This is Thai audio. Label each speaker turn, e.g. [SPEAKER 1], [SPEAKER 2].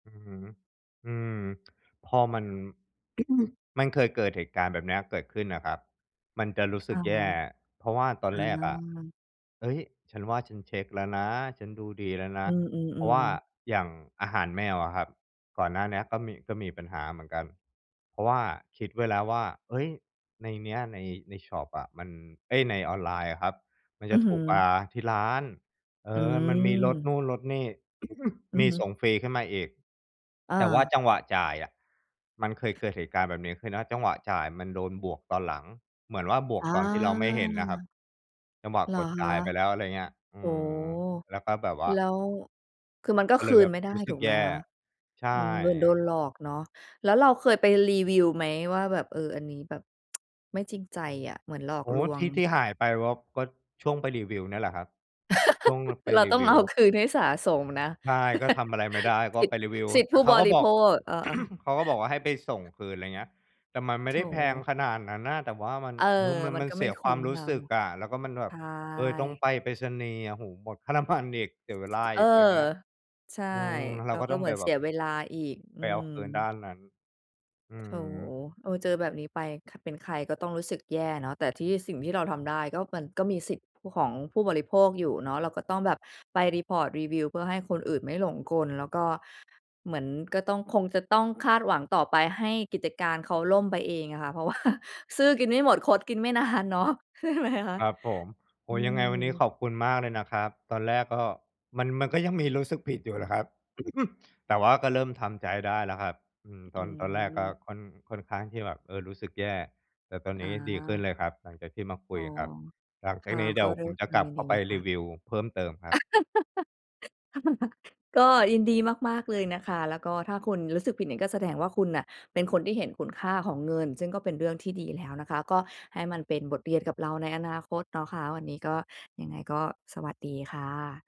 [SPEAKER 1] อือฮึ อืม พอมัน มันเคยเกิดเหตุการณ์แบบเนี้ยเกิดขึ้นอะครับ มันจะรู้ส
[SPEAKER 2] อ
[SPEAKER 1] ึก
[SPEAKER 2] า
[SPEAKER 1] แย่ เพราะว่าตอ
[SPEAKER 2] อ
[SPEAKER 1] นแรกอะ
[SPEAKER 2] า
[SPEAKER 1] "เฮ้ย ฉันว่าฉันเช็คแล้วนะ ฉันดูดีแล้วน
[SPEAKER 2] อ
[SPEAKER 1] ะ"
[SPEAKER 2] ื
[SPEAKER 1] เพราะว่
[SPEAKER 2] ม
[SPEAKER 1] า
[SPEAKER 2] ๆ ๆ
[SPEAKER 1] อย่างอาหารแมวอะครับ ก่อนหน้าเนี้ยก็มี ก็มีปัญหาเหมือนกัน เพราะว่าคิดไว้แล้วว่า เฮ้ย ในเนี้ย ใน ในชอปอะมัน เฮ้ย ในออนไลน์อะครับมัน
[SPEAKER 2] อ
[SPEAKER 1] จ
[SPEAKER 2] ื
[SPEAKER 1] ะ
[SPEAKER 2] อ
[SPEAKER 1] ถ
[SPEAKER 2] ฮ
[SPEAKER 1] ู
[SPEAKER 2] ึ
[SPEAKER 1] กกว่าที่ร้าน เอ
[SPEAKER 2] อื
[SPEAKER 1] อ มันมีลดน
[SPEAKER 2] ม
[SPEAKER 1] ู่นลดนี่
[SPEAKER 2] อื
[SPEAKER 1] ม
[SPEAKER 2] อ
[SPEAKER 1] ี
[SPEAKER 2] ฮึ
[SPEAKER 1] ส่งฟรีขึ้นมาอีก
[SPEAKER 2] อ
[SPEAKER 1] แต่ว่า
[SPEAKER 2] า
[SPEAKER 1] จังหวะจ่ายอะมันเคยเกิดเหตุการณ์แบบนี้ คือ ณ จังหวะจ่ายมันโดนบวกตอนหลัง เหมือนว่า บวก
[SPEAKER 2] อ
[SPEAKER 1] ตอนที่เราไม่เห็นน่ะครับ
[SPEAKER 2] า
[SPEAKER 1] จังหวะ
[SPEAKER 2] เหร
[SPEAKER 1] ก
[SPEAKER 2] อ
[SPEAKER 1] ดจ
[SPEAKER 2] ค
[SPEAKER 1] ่า
[SPEAKER 2] ะ?
[SPEAKER 1] ยไปแล้ว อะไรเงี้ย อ
[SPEAKER 2] โ
[SPEAKER 1] ื
[SPEAKER 2] อ้โฮ
[SPEAKER 1] ม แล้วก็แบบว่า
[SPEAKER 2] แล้ว คือมันก็
[SPEAKER 1] ก็
[SPEAKER 2] ค
[SPEAKER 1] เล
[SPEAKER 2] ื
[SPEAKER 1] ยแบ
[SPEAKER 2] น
[SPEAKER 1] บ
[SPEAKER 2] ไม่ได้
[SPEAKER 1] รู้ส
[SPEAKER 2] ถ
[SPEAKER 1] ึ
[SPEAKER 2] ู
[SPEAKER 1] ก
[SPEAKER 2] กไ
[SPEAKER 1] แ
[SPEAKER 2] ห
[SPEAKER 1] ย
[SPEAKER 2] ม
[SPEAKER 1] ่
[SPEAKER 2] คะ?
[SPEAKER 1] ใช่
[SPEAKER 2] อืม เหมือนโดนหลอกเนาะ แล้วเราเคยไปรีวิวไหม? ว่า แบบ เออ อันนี้แบบ ไม่จริงใจอะ เหมือนหลอ
[SPEAKER 1] โ
[SPEAKER 2] ก
[SPEAKER 1] อ้โ
[SPEAKER 2] ล
[SPEAKER 1] ฮ
[SPEAKER 2] ว
[SPEAKER 1] ท
[SPEAKER 2] ง
[SPEAKER 1] ี่ ที่หายไปว่า ก็ช่วงไปรีวิวเนี่ยแหละครับ ช่วงแบบไป
[SPEAKER 2] เรา
[SPEAKER 1] รี
[SPEAKER 2] ต้อ
[SPEAKER 1] ว
[SPEAKER 2] ง
[SPEAKER 1] ิ
[SPEAKER 2] เอ
[SPEAKER 1] ว
[SPEAKER 2] าคืน ให้สาสมนะ
[SPEAKER 1] ใช่ ก็ทำอะไรไม่ได้ ก็
[SPEAKER 2] สิท
[SPEAKER 1] ไปรีวิว
[SPEAKER 2] สิทธิ
[SPEAKER 1] แต
[SPEAKER 2] ผ
[SPEAKER 1] ่
[SPEAKER 2] ู้
[SPEAKER 1] เขา
[SPEAKER 2] บ
[SPEAKER 1] ก็
[SPEAKER 2] ริ
[SPEAKER 1] บ
[SPEAKER 2] โ
[SPEAKER 1] อ
[SPEAKER 2] ภ
[SPEAKER 1] ก
[SPEAKER 2] ค เออ ๆ
[SPEAKER 1] เขาก็บอกว่า ให้ไปส่งคืน ไรเงี้ย แต่มันไม่
[SPEAKER 2] โธ
[SPEAKER 1] ได้แพง
[SPEAKER 2] ่
[SPEAKER 1] ขนาดนั้นน่ะ แต่ว่ามัน
[SPEAKER 2] เออ
[SPEAKER 1] คือมัน
[SPEAKER 2] มั
[SPEAKER 1] ม
[SPEAKER 2] น
[SPEAKER 1] ัน
[SPEAKER 2] ก็
[SPEAKER 1] เ
[SPEAKER 2] ไ
[SPEAKER 1] ส
[SPEAKER 2] ม่
[SPEAKER 1] ีย
[SPEAKER 2] ค
[SPEAKER 1] ค
[SPEAKER 2] ุ
[SPEAKER 1] วา
[SPEAKER 2] ้
[SPEAKER 1] ม
[SPEAKER 2] ม
[SPEAKER 1] รู
[SPEAKER 2] เร
[SPEAKER 1] ้
[SPEAKER 2] า
[SPEAKER 1] สึกอะ แล้วก็มันแบ
[SPEAKER 2] ใช
[SPEAKER 1] บ เออ ต้อง
[SPEAKER 2] ่
[SPEAKER 1] ไปไปรษณีย์อะ โอ้โฮ หมดค่า น้ำมัน อีก เสียเวลา
[SPEAKER 2] เออ
[SPEAKER 1] อีก ไรเงี้ย
[SPEAKER 2] ใช่
[SPEAKER 1] อืม เร
[SPEAKER 2] แ
[SPEAKER 1] า
[SPEAKER 2] ล้ว
[SPEAKER 1] ก็
[SPEAKER 2] ก็
[SPEAKER 1] ต้อง
[SPEAKER 2] เห
[SPEAKER 1] ไ
[SPEAKER 2] มื
[SPEAKER 1] ป
[SPEAKER 2] อน
[SPEAKER 1] แ
[SPEAKER 2] เ
[SPEAKER 1] บ
[SPEAKER 2] สี
[SPEAKER 1] บ
[SPEAKER 2] ยเวลาอีก อื
[SPEAKER 1] ไปเอาคืนด
[SPEAKER 2] ม
[SPEAKER 1] ้านนั้น อื
[SPEAKER 2] โธ่
[SPEAKER 1] ม
[SPEAKER 2] เออ เจอแบบนี้ไป ค เป็นใครก็ต้องรู้สึกแย่เนาะ แต่ที่ สิ่งที่เราทำได้ก็ มันก็มีสิทธิผู้ ของผู้บริโภคอยู่เนาะ เราก็ต้องแบบไป report รีวิว เพื่อให้คนอื่นไม่หลงกล แล้วก็ เหมือนก็ต้อง คงจะต้องคาดหวังต่อไปให้กิจการเขาล่มไปเองอะค่ะ เพราะ ว่า ซื่อกินไม่หมดคดกินไม่ นานเนาะ ใช่ไหมคะ?
[SPEAKER 1] ครับผม โอ
[SPEAKER 2] อื
[SPEAKER 1] ้โฮ ยังไงวันนี้
[SPEAKER 2] ม
[SPEAKER 1] ขอบคุณมากเลยนะครับ ตอนแรกก็ มัน มันก็ยังมีรู้สึกผิดอยู่แหละครับ แต่ว่าก็เริ่มทำใจได้แล้วครับ อืม
[SPEAKER 2] อ
[SPEAKER 1] ต
[SPEAKER 2] ื
[SPEAKER 1] อน ตอนแรกก็
[SPEAKER 2] ม
[SPEAKER 1] ค่อน ค่อนข้างที่แบบ เออ รู้สึกแย่ แต่ตอนน
[SPEAKER 2] อ
[SPEAKER 1] ี้ดีขึ้น
[SPEAKER 2] า
[SPEAKER 1] เลยครับหลังจากที่มาค
[SPEAKER 2] อ
[SPEAKER 1] ุ
[SPEAKER 2] ๋อ
[SPEAKER 1] ยครับ หลัง
[SPEAKER 2] ค
[SPEAKER 1] จาก
[SPEAKER 2] ่ะ
[SPEAKER 1] นี้เด
[SPEAKER 2] ก
[SPEAKER 1] ี๋
[SPEAKER 2] ็
[SPEAKER 1] ยว
[SPEAKER 2] ด้
[SPEAKER 1] ผ
[SPEAKER 2] ว
[SPEAKER 1] ม
[SPEAKER 2] ย
[SPEAKER 1] จ
[SPEAKER 2] ค
[SPEAKER 1] ะ
[SPEAKER 2] วาม
[SPEAKER 1] กลั
[SPEAKER 2] ย
[SPEAKER 1] บ
[SPEAKER 2] ิน
[SPEAKER 1] เข
[SPEAKER 2] ด
[SPEAKER 1] ้
[SPEAKER 2] ี
[SPEAKER 1] า
[SPEAKER 2] เ
[SPEAKER 1] ไ
[SPEAKER 2] ล
[SPEAKER 1] ป
[SPEAKER 2] ยค
[SPEAKER 1] ร
[SPEAKER 2] ่
[SPEAKER 1] ี
[SPEAKER 2] ะ
[SPEAKER 1] วิวเพิ่มเติมคร
[SPEAKER 2] ค
[SPEAKER 1] ับ
[SPEAKER 2] ่ะ ก็ยินดีมาก ๆ เลยนะคะ แล้วก็ ถ้าคุณรู้สึกผิดเนี่ยก็แสดงว่า คุณน่ะเป็นคนที่เห็นคุณค่าของเงิน ซึ่งก็เป็นเรื่องที่ดีแล้วนะคะ ก็ให้มันเป็นบทเรียนกับเราในอนาคตเนาะคะ วันนี้ก็ ยังไงก็สวัสดีค่ะ